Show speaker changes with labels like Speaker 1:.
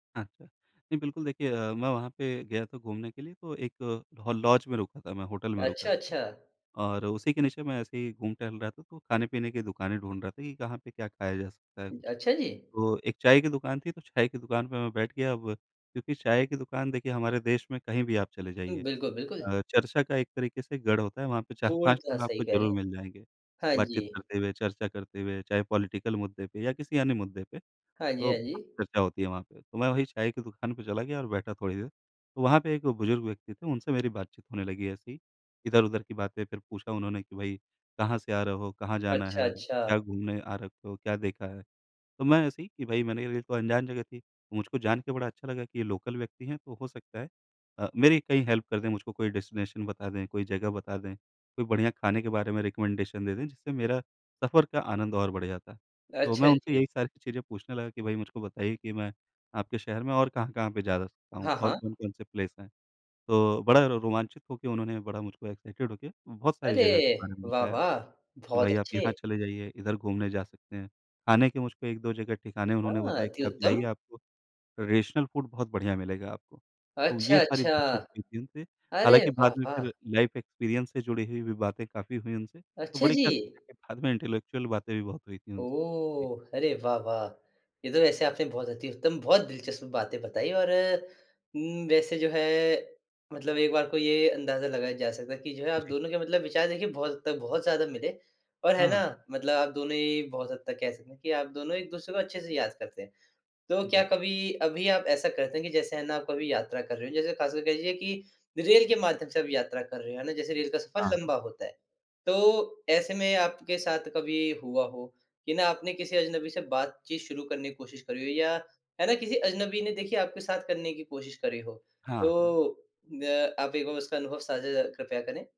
Speaker 1: अच्छा। नहीं बिल्कुल देखिए अ, मैं वहाँ पे गया था घूमने के लिए तो एक अ, लॉज में रुका था मैं होटल में
Speaker 2: अच्छा,
Speaker 1: रुका।
Speaker 2: अच्छा।
Speaker 1: और उसी के नीचे मैं ऐसे ही घूम-टहल रहा था तो खाने-पीने की दुकानें ढूँढ रहा था कि कहाँ पे क्या खाया जा सकता है कुछ।
Speaker 2: अच्छा, जी।
Speaker 1: तो 1 चाय की दुकान थी तो चाय की दुकान पे मैं बैठ गया। अब क्योंकि चाय की दुकान देखिए हमारे देश में कहीं भी आप चले
Speaker 2: उम,
Speaker 1: जाइए
Speaker 2: बिल्कुल, बिल्कुल।
Speaker 1: अ, चर्चा का एक तरीके से गढ़ होता है। वहाँ पे 4-5
Speaker 2: पूर्णतः
Speaker 1: लोग
Speaker 2: सही
Speaker 1: आपको
Speaker 2: कह रहे
Speaker 1: ज़रूर
Speaker 2: हैं,
Speaker 1: मिल जाएँगे
Speaker 2: हाँ जी।
Speaker 1: बातचीत करते हुए, चर्चा करते हुए चाहे पॉलिटिकल मुद्दे पे या किसी अन्य मुद्दे पे।
Speaker 2: हाँ जी,
Speaker 1: तो
Speaker 2: हाँ जी।
Speaker 1: चर्चा होती है वहाँ पे, तो मैं वही चाय की दुकान पे चला गया और बैठा थोड़ी देर। तो वहाँ पे एक बुज़ुर्ग व्यक्ति थे उनसे मेरी बातचीत होने लगी ऐसी ही, इधर-उधर की बातें फिर पूछा उन्होंने कि भई कहाँ से आ रहे हो, कहाँ जाना
Speaker 2: अच्छा,
Speaker 1: है? क्या
Speaker 2: अच्छा।
Speaker 1: घूमने आ रखे हो, क्या देखा है? तो मैं ऐसे ही कि भई मेरे लिए तो अनजान जगह थी। मुझको जान के बड़ा अच्छा लगा कि ये लोकल व्यक्ति हैं, तो हो सकता है अ, मेरी कहीं हेल्प कर दें, मुझको कोई डेस्टिनेशन बता दें, कोई जगह बता दें, कोई बढ़िया खाने के बारे में रिकमेंडेशन दे दें जिससे मेरा सफ़र का आनंद और बढ़ जाता। तो मैं
Speaker 2: अच्छा,
Speaker 1: उनसे
Speaker 2: जी।
Speaker 1: यही सारी चीज़ें पूछने लगा कि भई मुझको बताइए कि मैं आपके शहर में और कहाँ-कहाँ पे जा सकता हूँ
Speaker 2: हाँ,
Speaker 1: और
Speaker 2: हाँ।
Speaker 1: कौन-कौन से प्लेस हैं। तो बड़ा रोमांचित होके उन्होंने बड़ा मुझको एक्साइटेड होके बहुत सारी
Speaker 2: अरे
Speaker 1: जगहों के बारे में बताया।
Speaker 2: वाह-वाह!
Speaker 1: कि
Speaker 2: बहुत
Speaker 1: भई आप
Speaker 2: अच्छे।
Speaker 1: यहाँ चले जाइए, इधर घूमने जा सकते हैं। खाने के मुझको 1-2 जगह ठिकाने उन्होंने
Speaker 2: हाँ,
Speaker 1: बताया
Speaker 2: अति
Speaker 1: कि आप जाइए
Speaker 2: उत्तम।
Speaker 1: आपको ट्रेडिशनल फूड बहुत बढ़िया मिलेगा आपको, तो ये सारी
Speaker 2: अच्छा-अच्छा।
Speaker 1: बातचीत हुई थी उनसे।
Speaker 2: अरे
Speaker 1: हालाँकि बाद में
Speaker 2: वाह-वाह।
Speaker 1: फिर लाइफ एक्सपीरियंस से जुड़ी हुई भी बातें काफ़ी हुई उनसे, तो
Speaker 2: अच्छा
Speaker 1: बड़ी
Speaker 2: जी!
Speaker 1: कह सकते है बाद में इंटेलेक्चुअल बातें भी बहुत हुई थी उनसे। जी।
Speaker 2: ओह! अरे वाह-वाह! ये तो वैसे आपने बहुत अति उत्तम, बहुत दिलचस्प बातें बताईं और उम, वैसे जो है मतलब एक बार को ये अंदाज़ा लगाया जा सकता है कि जो है आप
Speaker 1: जी।
Speaker 2: दोनों के मतलब विचार देखिये बहुत हद तक बहुत ज़्यादा मिले और है
Speaker 1: हाँ, हाँ।
Speaker 2: ना? मतलब आप दोनों ही बहुत हद तक कह सकते है कि आप दोनों एक-दूसरे को अच्छे से याद करते हैं। तो क्या
Speaker 1: जी।
Speaker 2: कभी अभी आप ऐसा करते हैं कि जैसे है ना कभी यात्रा कर रहे हो जैसे खास कर कह लीजिए कि रेल के माध्यम से आप यात्रा कर रहे हो, है ना? जैसे रेल का सफ़र
Speaker 1: हाँ।
Speaker 2: लम्बा होता है। तो ऐसे में आपके साथ कभी हुआ हो कि ना आपने किसी अजनबी से बातचीत शुरू करने की कोशिश करी हो या है ना किसी अजनबी ने देखिए आपके साथ करने की कोशिश करी हो।
Speaker 1: हाँ, हाँ।
Speaker 2: तो द आप 1 बार उसका अनुभव साझा ज़रा कृपया करें।